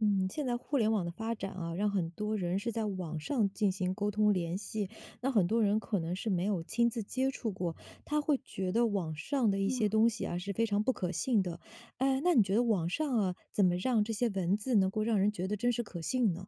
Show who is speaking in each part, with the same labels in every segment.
Speaker 1: 嗯，现在互联网的发展啊，让很多人是在网上进行沟通联系，那很多人可能是没有亲自接触过，他会觉得网上的一些
Speaker 2: 嗯。
Speaker 1: 东西啊是非常不可信的。哎，那你觉得网上啊，怎么让这些文字能够让人觉得真实可信呢？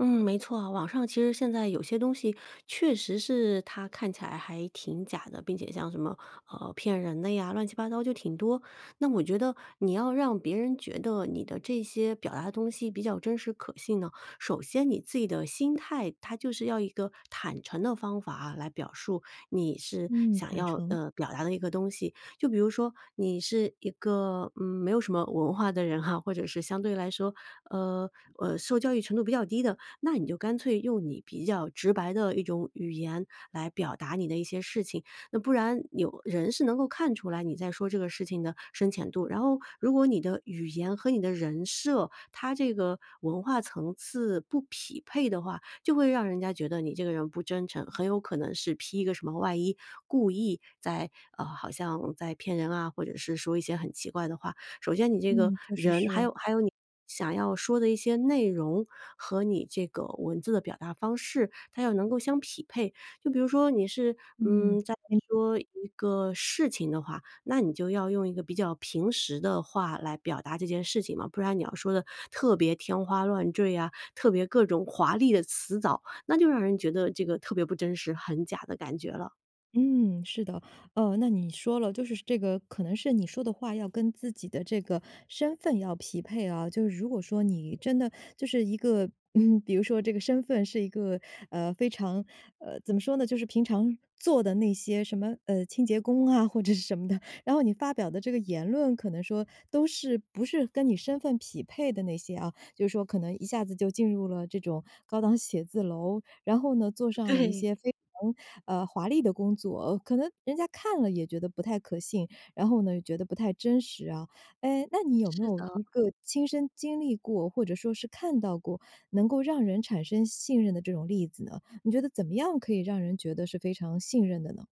Speaker 2: 嗯，没错啊。网上其实现在有些东西确实是它看起来还挺假的，并且像什么，呃，骗人的呀，乱七八糟就挺多。那我觉得你要让别人觉得你的这些表达的东西比较真实可信呢，首先你自己的心态，它就是要一个坦诚的方法来表述。你是
Speaker 1: 嗯，
Speaker 2: 想
Speaker 1: 坦
Speaker 2: 要，
Speaker 1: 诚。
Speaker 2: 呃，表达的一个东西，就比如说你是一个，嗯，没有什么文化的人哈，或者是相对来说，呃呃，受教育程度比较低的，那你就干脆用你比较直白的一种语言来表达你的一些事情，那不然有人是能够看出来你在说这个事情的深浅度。然后如果你的语言和你的人设，它这个文化层次不匹配的话，就会让人家觉得你这个人不真诚，很有可能是披一个什么外衣故意在，呃好像在骗人啊，或者是说一些很奇怪的话。首先你这个
Speaker 1: 嗯，确实
Speaker 2: 人还
Speaker 1: 是。
Speaker 2: 有还有你想要说的一些内容和你这个文字的表达方式，它要能够相匹配。就比如说你是，嗯，
Speaker 1: 嗯。
Speaker 2: 在
Speaker 1: [unintelligible]
Speaker 2: 说一个事情的话，那你就要用一个比较平实的话来表达这件事情嘛，不然你要说得特别天花乱坠呀，特别各种华丽的辞藻，那就让人觉得这个特别不真实，很假的感觉了。
Speaker 1: 嗯，是的。呃，那你说了，就是这个可能是你说的话，要跟自己的这个身份要匹配啊。就是如果说，你真的就是一个嗯，比如说这个身份是一个，呃，非常呃，怎么说呢，就是平常做的那些什么，呃，清洁工啊，或者是什么的，然后你发表的这个言论，可能说都是，不是跟你身份匹配的那些啊。就是说可能一下子就进入了这种高档写字楼，然后呢，做上了一
Speaker 2: 对。
Speaker 1: 些非常，呃，华丽的工作，可能人家看了也觉得不太可信。然后呢，觉得不太真实啊。哎，那你有没
Speaker 2: 是
Speaker 1: 有
Speaker 2: 的。
Speaker 1: 一个亲身经历过，或者说是看到过，能够让人产生信任的这种例子呢？你觉得怎么样可以让人觉得是非常信任的呢？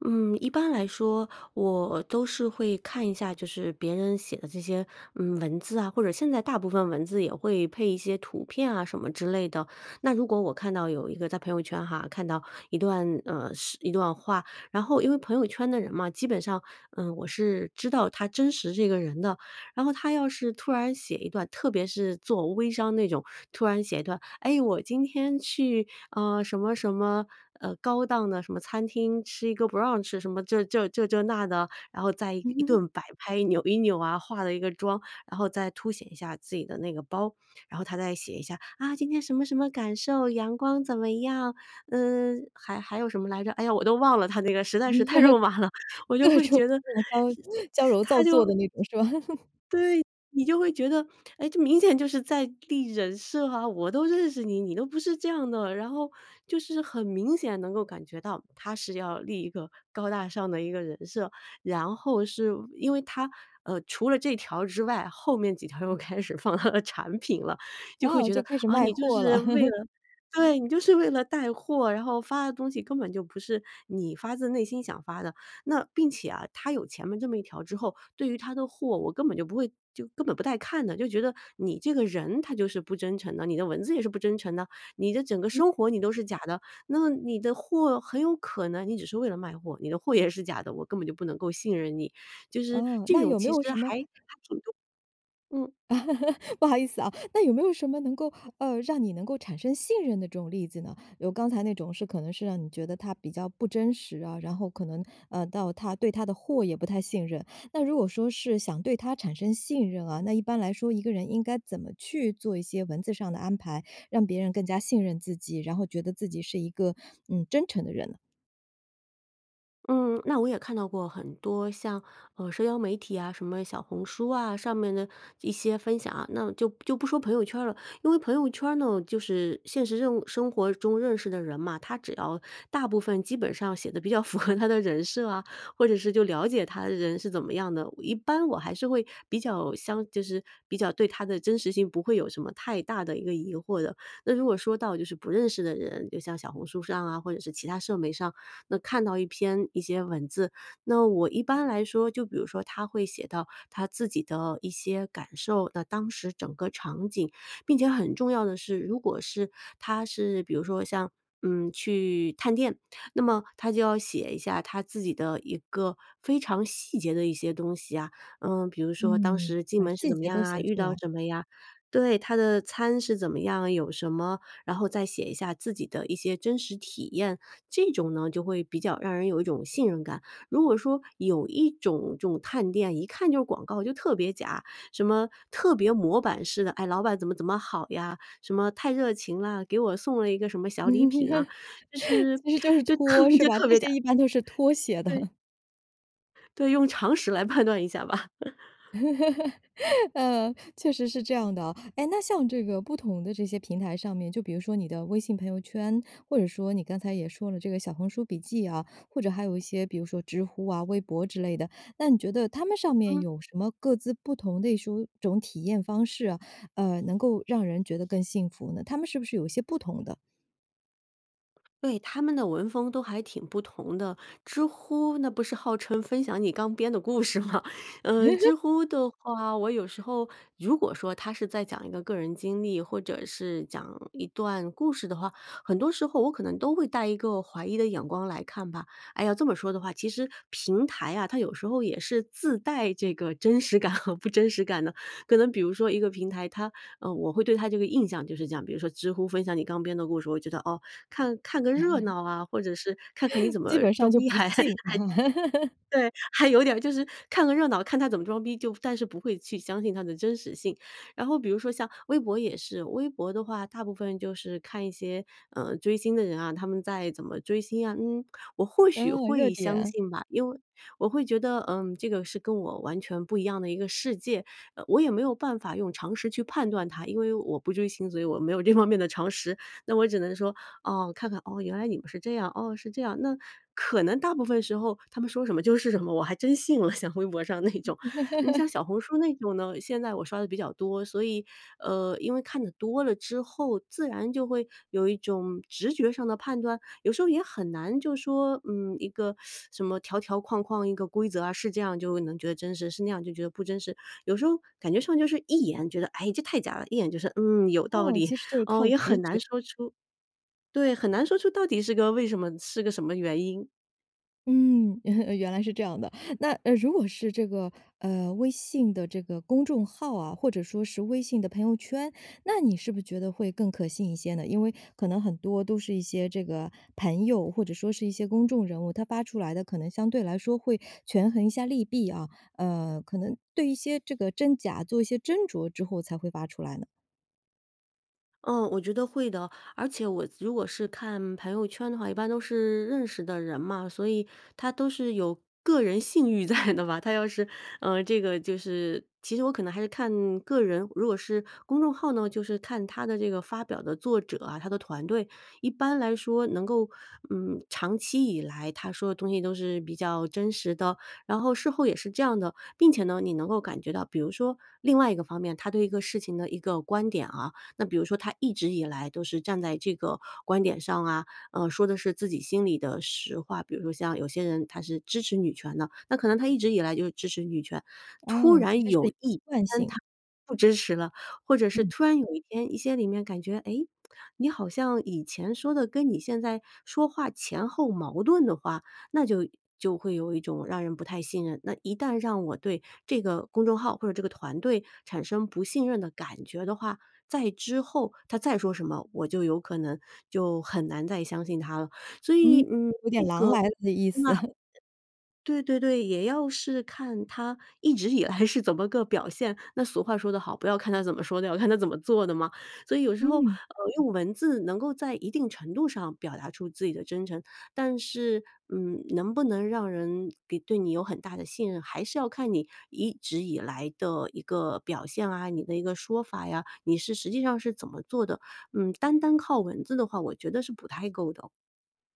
Speaker 2: 嗯，一般来说我都是会看一下，就是别人写的这些，嗯，文字啊，或者现在大部分文字，也会配一些图片啊什么之类的。那如果我看到有一个在朋友圈哈，看到一段，呃，是一段话，然后因为朋友圈的人嘛，基本上，嗯，我是知道他真实这个人的。然后他要是突然写一段特别是做微商那种，突然写一段：哎，我今天去，呃，什么什么，呃，高档的什么餐厅，吃一个 brunch。什么这这这这那的，然后再一
Speaker 1: 嗯
Speaker 2: 一
Speaker 1: 哼哼。
Speaker 2: 顿摆拍，扭一扭啊，化了一个妆，然后再凸显一下自己的那个包。然后她再写一下：啊，今天什么什么感受，阳光怎么样，嗯。还还有什么来着，哎呀，我都忘了她那个实在是太肉麻了，我就
Speaker 1: 各
Speaker 2: 会
Speaker 1: 种
Speaker 2: 觉得
Speaker 1: [unintelligible] 矫揉
Speaker 2: 她
Speaker 1: 造
Speaker 2: 就
Speaker 1: 作的那种是吧？
Speaker 2: 对，你就会觉得，哎，这明显就是在立人设啊。我都认识你，你都不是这样的。然后，就是很明显能够感觉到，她是要立一个高大上的一个人设。然后是因为她，呃，除了这条之外，后面几条又开始放她的产品了，就会
Speaker 1: 啊，
Speaker 2: 觉
Speaker 1: 就
Speaker 2: 得，
Speaker 1: 开始
Speaker 2: 啊，
Speaker 1: 卖
Speaker 2: 你就
Speaker 1: 货
Speaker 2: 是
Speaker 1: 了。
Speaker 2: 为 了对，你就是为了带货，然后发的东西，根本就不是你发自内心想发的。那并且啊，她有前面这么一条之后，对于她的货，我根本就不会就根本不带看的。就觉得你这个人，她就是不真诚的，你的文字也是不真诚的，你的整个
Speaker 1: 嗯。
Speaker 2: 生活你都是假的，那你的货很有可能你只是为了卖货，你的货也是假的，我根本就不能够信任你。就是
Speaker 1: 嗯，
Speaker 2: 这
Speaker 1: 那
Speaker 2: 种
Speaker 1: 有没
Speaker 2: 其实
Speaker 1: 有
Speaker 2: 还
Speaker 1: 什么
Speaker 2: 还挺重嗯。
Speaker 1: 不好意思哦，那有没有什么能够呃，让你能够产生信任的这种例子呢？有刚才那种是可能是让你觉得她比较不真实啊，然后可能，呃，到她对她的货也不太信任。那如果说是想对她产生信任啊，那一般来说一个人应该怎么去做一些文字上的安排，让别人更加信任自己，然后觉得自己是一个，嗯，真诚的人呢？
Speaker 2: 嗯，那我也看到过很多像，呃，社交媒体呀，什么小红书啊，上面的一些分享啊。那就就不说朋友圈儿了，因为朋友圈儿呢，就是现实任务生活中认识的人嘛，他只要大部分基本上写得比较符合他的人设啊，或者是就了解他的人是怎么样的。一般我还是会比较相就是比较对他的真实性不会有什么太大的一个疑惑的。那如果说到就是不认识的人，就像小红书上啊，或者是其它社媒上，那看到一篇一些文字，那我一般来说，就比如说他会写到他自己的一些感受，那当时整个场景，并且很重要的是，如果是他是比如说像，嗯，去探店，那么他就要写一下他自己的一个非常细节的一些东西呀。嗯，比如说，当
Speaker 1: 嗯，
Speaker 2: 时进
Speaker 1: 把
Speaker 2: 门是
Speaker 1: 细
Speaker 2: 怎么
Speaker 1: 节
Speaker 2: 样
Speaker 1: 都
Speaker 2: 啊，
Speaker 1: 写
Speaker 2: 遇
Speaker 1: 出
Speaker 2: 到
Speaker 1: 来。
Speaker 2: 什么呀？对，他的餐是怎么样啊，有什么，然后再写一下自己的一些真实体验，这种呢就会比较让人有一种信任感。如果说有一种这种探店，一看就是广告就特别假，什么特别模板式的，哎，老板怎么怎么好呀，什么太热情啦，给我送了一个什么小礼品啊，就 是
Speaker 1: 其实就是
Speaker 2: 就特
Speaker 1: 托，是
Speaker 2: 就
Speaker 1: 吧？
Speaker 2: 特
Speaker 1: 这
Speaker 2: 别假
Speaker 1: 些 一般都是托写的。
Speaker 2: 对。对，用常识来判断一下吧。
Speaker 1: 呃，确实是这样的啊。哎，那像这个不同的这些平台上面，就比如说你的微信朋友圈，或者说你刚才也说了这个小红书笔记啊，或者还有一些比如说知乎啊，微博之类的。那你觉得他们上面
Speaker 2: 嗯。
Speaker 1: 有什么各自不同类书种体验方式啊，呃，能够让人觉得更幸福呢？他们是不是有一些不同的？
Speaker 2: 对，他们的文风都还挺不同的。知乎那不是号称分享你刚编的故事嘛。嗯，知乎的话，我有时候如果说他是在讲一个个人经历或者是讲一段故事的话，很多时候我可能都会带一个怀疑的眼光来看吧。哎呀，这么说的话，其实平台啊，它有时候也是自带这个真实感和不真实感的。可能比如说一个平台，它呃，我会对它这个印象就是这样。比如说知乎分享你刚编的故事，我觉得哦，看看个热 闹啊，或者是看看你 怎
Speaker 1: 基
Speaker 2: 么
Speaker 1: 本上
Speaker 2: 装
Speaker 1: 就
Speaker 2: 逼
Speaker 1: 不
Speaker 2: 还还，
Speaker 1: 信。
Speaker 2: 对，还有点儿就是看个热闹，看他怎么装逼，就但是不会去相信他的真实性。然后比如说像微博也是，微博的话，大部分就是看一些，呃，追星的人啊，他们在怎么追星啊。嗯，我或许
Speaker 1: 嗯，热
Speaker 2: 会相
Speaker 1: 点。
Speaker 2: 信吧，因为我会觉得，嗯，这个是跟我完全不一样的一个世界，呃，我也没有办法用常识去判断它。因为我不追星，所以我没有这方面的常识。那我只能说，哦，看看，哦，原来你们是这样，哦，是这样。那可能大部分时候他们说什么就是什么，我还真信了，像微博上那种。呃，你像 小红书那种呢，现在我刷得比较多，所以，呃，因为看得多了之后，自然就会有一种直觉上的判断，有时候也很难就说，嗯，一个 什么条条框框一个规则啊，是这样就能觉得真实，是那样就觉得不真实。有时候感觉上就是一眼，觉得，哎，这太假了，一眼就是，嗯，有道
Speaker 1: 哦，
Speaker 2: 理
Speaker 1: 其实就是
Speaker 2: 哦，
Speaker 1: 靠
Speaker 2: 也
Speaker 1: 直
Speaker 2: 很难
Speaker 1: 觉。
Speaker 2: 说出对，很难说出到底是个为什么是个什么原因。
Speaker 1: 嗯，原原来是这样的。那，呃，如果是这个，呃微信的这个公众号啊，或者说是微信的朋友圈，那你是不是觉得会更可信一些呢？因为可能很多都是一些这个朋友，或者说是一些公众人物，他发出来的可能相对来说会权衡一下利弊啊。呃，可能对一些这个真假做一些斟酌之后才会发出来呢。
Speaker 2: 嗯，我觉得会的。而且我如果是看朋友圈的话，一般都是认识的人嘛，所以他都是有个人信誉在的吧。他要是，呃这个就是其实我可能还是看个人。如果是公众号呢，就是看它的这个发表的作者啊，它的团队一般来说能够，嗯，长期以来他说的东西都是比较真实的，然后事后也是这样的，并且呢，你能够感觉到比如说另外一个方面，它对一个事情的一个观点啊那比如说它一直以来都是站在这个观点上啊，呃，说的是自己心里的实话。比如说像有些人他是支持女权的，那可能他一直以来就支持女权，突
Speaker 1: 哦，其
Speaker 2: 然
Speaker 1: 实是一
Speaker 2: 有
Speaker 1: 个
Speaker 2: 一
Speaker 1: 惯
Speaker 2: 天
Speaker 1: 性。
Speaker 2: 他不支持了，或者是
Speaker 1: 嗯。
Speaker 2: 突然有一天一些里面感觉，诶你好像以前说的跟你现在说话前后矛盾的话，那就就会有一种让人不太信任那一旦让我对这个公众号或者这个团队产生不信任的感觉的话，再之后它再说什么，我就有可能就很难再相信它了。所以，
Speaker 1: 嗯，
Speaker 2: 嗯
Speaker 1: 有点
Speaker 2: 这
Speaker 1: “狼
Speaker 2: 个
Speaker 1: 来了”的意思。
Speaker 2: 那 对对对，也要是看它一直以来是怎么个表现。那俗话说得好：“不要看他怎么说的，要看他怎么做的嘛。”所以有的时候，呃，
Speaker 1: 嗯。
Speaker 2: 用文字能够在一定程度上表达出自己的真诚，但是，嗯能不能让人给对你有很大的信任，还是要看你一直以来的一个表现啊，你的一个说法呀，你是实际上是怎么做的。嗯，单单靠文字的话，我觉得是不太够的。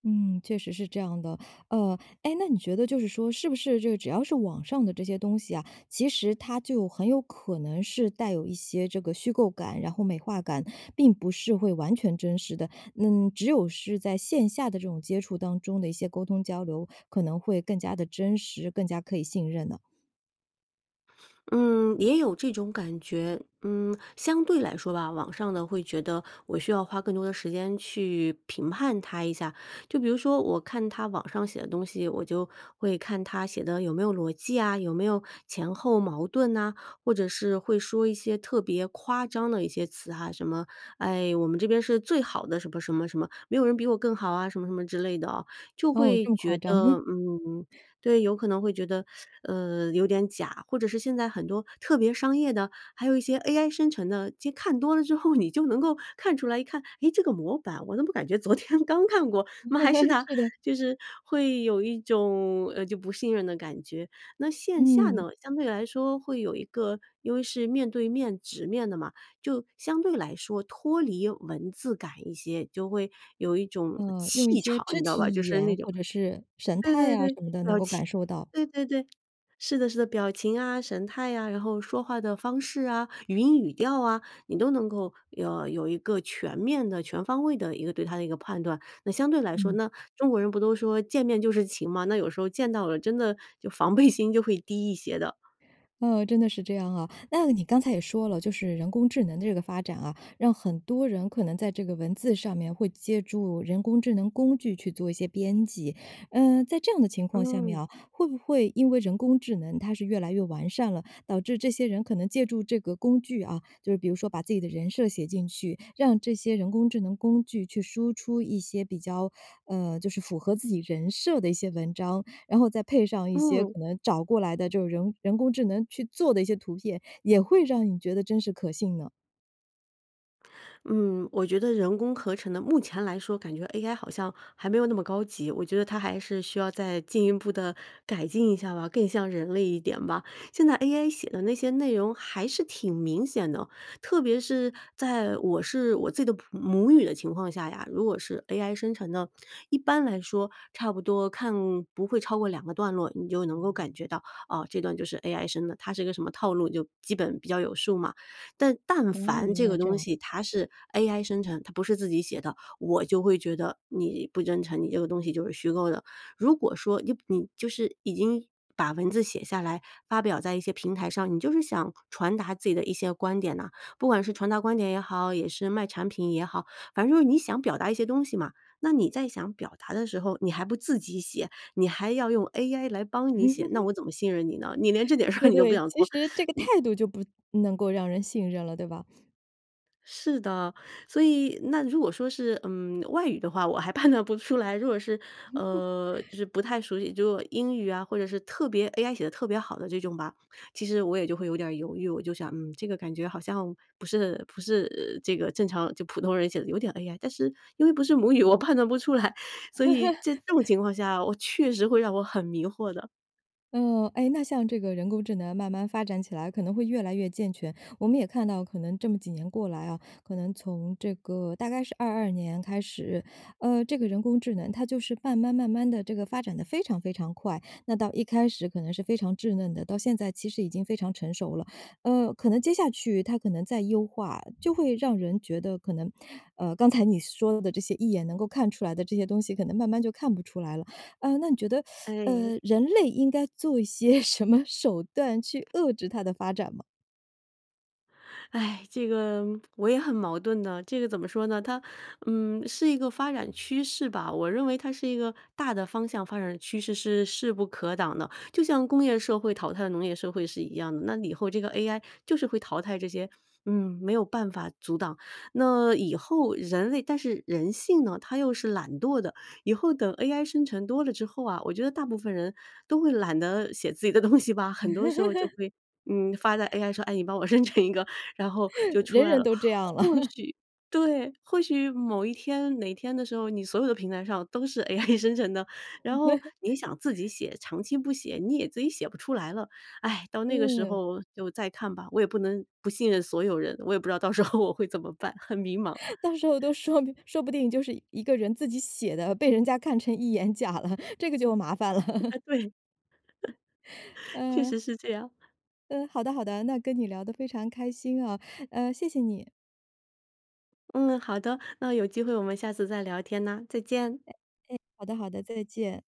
Speaker 1: 嗯，确实是这样的。呃，哎，那你觉得就是说是不是这个只要是网上的这些东西啊，其实它就很有可能是带有一些这个虚构感，然后美化感，并不是会完全真实的？嗯，只有是在线下的这种接触当中的一些沟通交流，可能会更加地真实，更加可以信任呢？
Speaker 2: 嗯，也有这种感觉。嗯，相对来说吧，网上的会觉得，我需要花更多的时间去评判它一下。就比如说我看它网上写的东西，我就会看它写的有没有逻辑呀，有没有前后矛盾呐，或者是会说一些特别夸张的一些词哈，什么，哎，我们这边是最好的什么什么什么，没有人比我更好啊，什么什么之类的啊，就
Speaker 1: 哦，
Speaker 2: 会
Speaker 1: 这么夸
Speaker 2: 觉
Speaker 1: 张。
Speaker 2: 得，嗯对，有可能会觉得，呃，有点假。或者是现在很多特别商业的，还有一些 AI 生成的，其实看多了之后，你就能够看出来一看，哎，这个模板我怎么感觉昨天刚看过？怎么还是 它，
Speaker 1: 是的。
Speaker 2: 就是会有一种，呃，就不信任的感觉。那线下
Speaker 1: 嗯。
Speaker 2: 呢，相对来说会有一个因为是面对面直面的嘛，就相对来说脱离文字感一些，就会有一种
Speaker 1: 呃，用一
Speaker 2: 气
Speaker 1: 些
Speaker 2: 场你
Speaker 1: 肢
Speaker 2: 知道吧？就
Speaker 1: 体语
Speaker 2: 是那
Speaker 1: 言，
Speaker 2: 种
Speaker 1: 或者是神
Speaker 2: 对
Speaker 1: 态
Speaker 2: 对
Speaker 1: 呀
Speaker 2: 对，
Speaker 1: 什么的能
Speaker 2: 表
Speaker 1: 够
Speaker 2: 情
Speaker 1: 感受到。
Speaker 2: 对对对，是的是的，表情啊、神态啊，然后说话的方式啊，语音、语调啊，你都能够呃，有一个全面的、全方位的一个对他的一个判断。那相对来说
Speaker 1: 嗯。
Speaker 2: 那中国人不都说见面就是情嘛，那有时候见到了真的就防备心就会低一些的。
Speaker 1: 呃，真的是这样啊。那你刚才也说了，就是人工智能的这个发展啊，让很多人可能在这个文字上面会借助人工智能工具去做一些编辑，嗯，在这样的情况下面
Speaker 2: 嗯。
Speaker 1: 啊，会不会因为人工智能它是越来越完善了，导致这些人可能借助这个工具啊，就是比如说把自己的人设写进去，让这些人工智能工具去输出一些，比较，呃，就是符合自己人设的一些文章，然后再配上一些
Speaker 2: 嗯。
Speaker 1: 可能找过来的这种人人工智能去做的一些图片，也会让你觉得真实可信呢？
Speaker 2: 嗯，我觉得人工合成的，目前来说感觉 AI 好像还没有那么高级。我觉得它还是需要再进一步地改进一下吧，更像人类一点吧。现在 AI 写的那些内容还是挺明显的，特别是在我是我自己的普母语的情况下呀，如果是 AI 生成的，一般来说差不多看不会超过2个段落，你就能够感觉到啊，这段就是 AI 生的，它是一个什么套路就基本比较有数嘛。但但
Speaker 1: 哦，
Speaker 2: 凡
Speaker 1: 原
Speaker 2: 这个
Speaker 1: 来这
Speaker 2: 东
Speaker 1: 样。
Speaker 2: 西，它是 AI 生成，它不是自己写的，我就会觉得你不真诚，你这个东西就是虚构的。如果说你你就是已经把文字写下来，发表在一些平台上，你就是想传达自己的一些观点呢。不管是传达观点也好，也是卖产品也好，反正就是你想表达一些东西嘛。那你在想表达的时候，你还不自己写，你还要用 AI 来帮你写，那 我怎么信任你呢？你连这点事儿
Speaker 1: 对，
Speaker 2: 你都不
Speaker 1: 对，
Speaker 2: 想
Speaker 1: 其
Speaker 2: 做，
Speaker 1: 实这 个
Speaker 2: 你
Speaker 1: 态度就不能够让人信任了，对吧？
Speaker 2: 是的。所以那如果说是，嗯，外语的话，我还判断不出来。如果是呃，就 是不太熟悉，如果英语啊，或者是特别 AI 写得特别好的这种吧，其实我也就会有点儿犹豫。我就想，嗯，这个感觉好像不是不是这个正常就普通人写的，有点 AI，但是因为不是母语，我判断不出来。所以在这种 情况下，我确实会让我很迷惑的。
Speaker 1: 呃哎，那像这个人工智能慢慢发展起来可能会越来越健全。我们也看到可能这么几年过来啊，可能从这个大概是22年开始，呃，这个人工智能它就是慢慢慢慢地，这个发展得非常非常快。那到一开始可能是非常稚嫩的，到现在其实已经非常成熟了。呃，可能接下去它可能再优化，就会让人觉得可能，呃，刚才你说的这些一眼能够看出来的这些东西可能慢慢就看不出来了。呃，那你觉得 呃，
Speaker 2: 唉。
Speaker 1: 人类应该做一些什么手段去遏制它的发 展吗？
Speaker 2: 这个我也很矛盾的，这个怎么说呢？它嗯，是一个发展趋势吧，我认为它是一个大的方向发展趋势是势不可挡的。就像工业社会淘汰农业社会是一样的，那以后这个 AI 就是会淘汰这些嗯，没有办法阻挡。那以后人类但是人性呢，它又是懒惰的，以后等 AI 生成多了之后啊，我觉得大部分人都会懒得写自己的东西吧？很多时候就 会，嗯，发在 AI 上，哎，你帮我生成一个，然后就 出
Speaker 1: 人
Speaker 2: 来
Speaker 1: 人
Speaker 2: 了。
Speaker 1: 都这样了。
Speaker 2: 或 许对，或许某一天哪天的时候，你所有的平台上都是 AI 生成的，然后你想自己 写，长期不写，你也自己写不出来了。唉，到那个时
Speaker 1: 嗯。
Speaker 2: 候就再看吧，我也不能不信任所有人，我也不知道到时候我会怎么办，很迷茫。
Speaker 1: 到时候都说明说不定就是一个人自己写的，被人家看成一眼假了，这个就麻烦了。
Speaker 2: 哎，对。确
Speaker 1: 嗯。
Speaker 2: 实是这样。
Speaker 1: 嗯，好的，好的，那跟你聊得非常开心啊。呃，谢谢你。
Speaker 2: 嗯，好的，那有机会我们下次再聊天呐，再见。
Speaker 1: 哎，哎，好的，好的，再见。